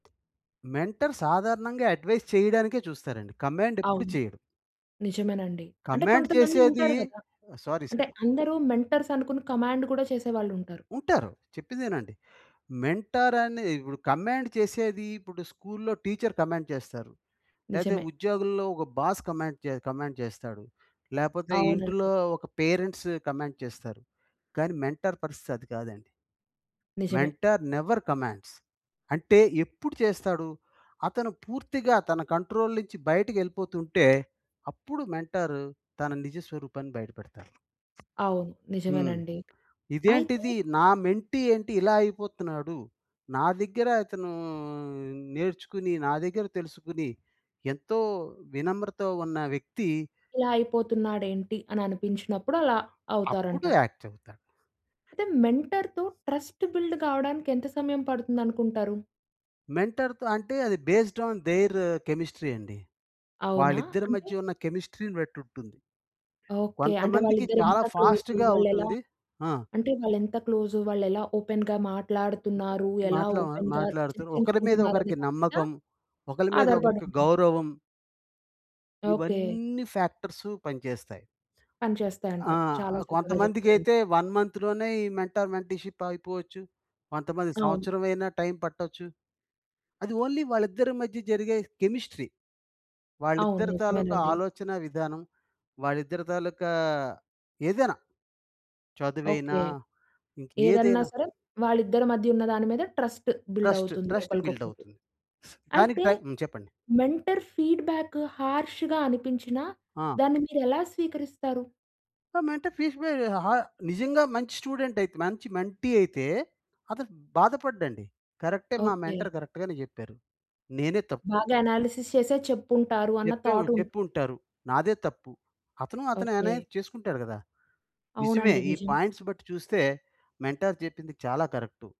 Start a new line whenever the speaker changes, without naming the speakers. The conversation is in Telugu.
మెంటర్ సాధారణంగా అడ్వైస్ చేయడానికే చూస్తారండి. కమాండ్ ఎప్పుడు
అవును.
చేయడు.
నిజమేనండి. అంటే
కమాండ్
కొంతమంది
చేసేది
ఉంటారు గదా.
సారీ
అంటే,
సార్.
అందరూ మెంటర్స్ అనుకుని కమాండ్ కూడా చేసేవాళ్ళుంటారు.
ఉంటారు, చెప్పేదినండి. మెంటర్ అనిదిప్పుడు, కమాండ్ చేసేది ఇప్పుడు స్కూల్‌లో టీచర్ కమాండ్ చేస్తారు. లేతే
నిజమే.
ఉద్యోగుల్లో ఒక బాస్ కమాండ్ చే కమాండ్ చేస్తాడు. లేపోతే
అవునండి.
ఇంటులో ఒక పేరెంట్స్ కమాండ్ చేస్తారు. కానీ మెంటార్ పరిస్థితి అది కాదండి.
నిజమే.
Mentor never commands. అంటే ఎప్పుడు చేస్తాడు? అతను పూర్తిగా తన కంట్రోల్ నుంచి బయటికెళ్ళిపోతుంటే అప్పుడు మెంటార్ తన నిజ స్వరూపాన్ని బయట పెడతాడు.
అవును.
హ్మ్.
నిజమేనండి. అయితే
ఇదేంటిది నా మెంటీ ఏంటి ఇలా అయిపోతున్నాడు. నా దగ్గర అతను నేర్చుకుని. నా దగ్గర తెలుసుకొని ఎంతో వినమ్రత ఉన్న వ్యక్తి
ఇలా అయిపోతున్నాడేంటి అని అనిపించినప్పుడు అలా
అప్పుడు
అవుతారంటారు.
యాక్ట్ చెప్తాడు.
అయితే మెంటర్‌తో ట్రస్ట్ బిల్డ్ కావడానికి ఎంత సమయం పడుతుందనుకుంటారు?
మెంటర్‌తో అంటే అది బేస్డ్ ఆన్ దేర్ కెమిస్ట్రీ అండి.
అవునా
వాళ్ళిద్దరి
అంటే?
మధ్య ఉన్న కెమిస్ట్రీ‌ని బట్టుంటుంది.
ఓకె. అంటే
కొంతమందికి చాలా
వాళ్ళిద్దరెంత క్లోజు,
ఫాస్ట్‌గా
వాళ్ళేలా
అవుతుంది. ఆ!
అంటే వాళ్ళేంత క్లోజు, వాళ్ళేలా ఓపెన్‌గా మాట్లాడుతున్నారు? ఎలా
మాట్లో
ఓపెన్‌గా
మాట్లాడుతూ ఒకరి మీద
చర్చించుకుంటున్నారు అనే
ఒకరికి
దాని పైన
నమ్మకం, ఒకల మీద ఒకరికి
ఆధారపడుంటుంది.
గౌరవం.
ఓకె.
ఇవన్నీ ఫ్యాక్టర్సు పని చేస్తాయి.
పని
ఆ!
చేస్తాయంటారు. చాలా చక్కగా చెప్పారండి.
కొంతమందికైతే 1 మంత్‌లోనే ఈ మెంటార్ మెంటల్షిప్ అగిపోవచ్చు. కొంతమంది
అవును.
సంవత్సరమైనా టైం పట్టొచ్చు. అది ఓన్లీ వాళ్ళిద్దరి మధ్య జరిగే కెమిస్ట్రీ.
అవును.
వాళ్ళిద్దరి తాలూకా
నిజమేనండి.
ఆలోచనా విధానం. వాళ్ళిద్దరి తాలూకా ఏదైనా, చదువైనా,
ఓకె. ఏదన్నా
ఇంకేదైనా.
సరే వాళ్ళిద్దరి మధ్యున్న దాని మీద ట్రస్ట్ బిల్డ్
ట్రస్ట్.
అవుతుంది.
ట్రస్ట్ బిల్డ్
ఒకలకొకలకి.
అవుతుంది. దానికి
అయితే
టైం హ్మ్, చెప్పండి.
మెంటర్ ఫీడ్బ్యాక్ హర్ష్‌గా అనిపించిన
ఆ!
దాన్ని మీరెలా స్వీకరిస్తారు?
ఆ! మెంటర్ ఫీడ్బ్యా ఆహ్, నిజంగా మంచి స్టూడెంటైతే మంచి మెంటీ అయితే అతను బాధపడడండి. కరెక్టే మా
ఓకె.
మెంటర్ కరెక్ట్‌ గానే జేప్పారు. నేనే తప్పు.
బాగా అనాలిసిస్ చేసే చెప్పుంటారు అన్న
చెప్పేం
థాట్ ఉన్
చెప్పుంటారు. నాదే తప్పు. అతను అతనే అనే
ఓకె.
చేసుకుంటాడు గదా! నిజమే
అవునండి.
ఈ
నిజం.
పాయింట్స్ బట్టి చూస్తే మెంటర్ చెప్పింది చాలా కరెక్టు.